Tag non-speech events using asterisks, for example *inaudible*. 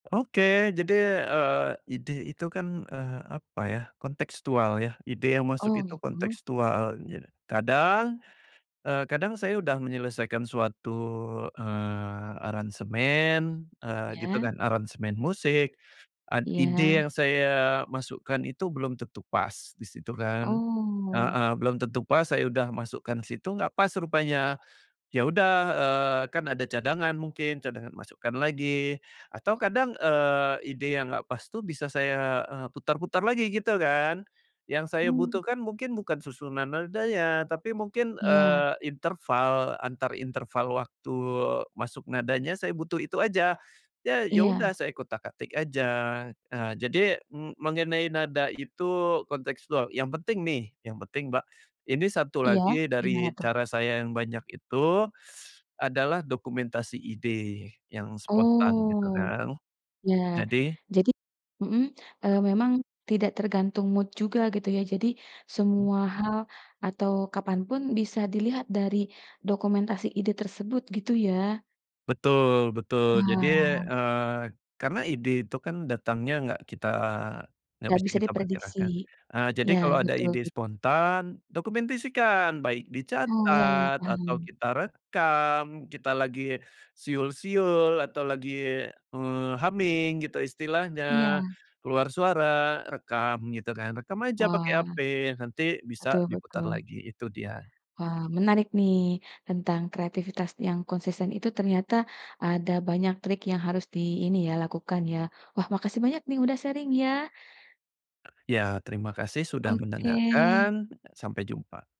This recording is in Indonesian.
Oke, jadi, eee, ide itu kan, eee, apa ya, kontekstual ya. Ide yang masuk Oh itu gitu. kontekstual ja kadang, eh, kadang saya sudah menyelesaikan suatu, eee, aransemen, eee, gitu Ya. kan, aransemen musik ad ide Ya. yang saya masukkan itu belum tentu pas di situ kan Oh. heeh, belum tentu pas. Saya udah masukkan situ, nggak pas rupanya. Ya udah, eee, kan ada cadangan. Mungkin cadangan masukkan lagi. Atau kadang, eee, ide yang nggak pas tuh bisa saya, eee, putar-putar lagi gitu kan. Yang saya Mmm. butuhkan mungkin bukan susunan nadanya, tapi mungkin, Iya. eee, interval antar interval waktu masuk nadanya. Saya butuh itu aja. Ya ya udah Iya. saya utak-atik aja. Jadi, em mengenai nada itu kontekstual. Yang penting nih, yang penting, Mbak, ini 1 Iya lagi gimana dari tuh? cara saya yang banyak itu *sucks teeth* adalah dokumentasi ide yang spontan gitu Oh, kan, ya, jadi jadi mhm, e eee, memang tidak tergantung mood juga gitu ya. Jadi semua Mmm? hal, atau kapanpun, bisa dilihat dari dokumentasi ide tersebut gitu ya? Betul betul, jadi, Wah. eee, karena ide itu kan datangnya nggak kita nggak Enggak bisa bisa kita diprediksi perkirakan. Eee, jadi ya kalau ada betul. ide spontan, dokumentasikan. Baik Oh iya iya, dicatat atau paham. kita rekam. Kita lagi siul-siul, atau lagi, eee, humming gitu istilahnya, Iya. keluar suara, rekam gitu kan. Rekam aja pakai Wah, HP, nanti bisa betul diputar betul. lagi. Itu dia. Wah, menarik nih tentang kreativitas yang konsisten itu ternyata ada banyak trik yang harus di, ini ya, lakukan ya. Wah, makasih banyak nih, udah sharing ya. Ya terima kasih sudah Oke. mendengarkan, sampai jumpa.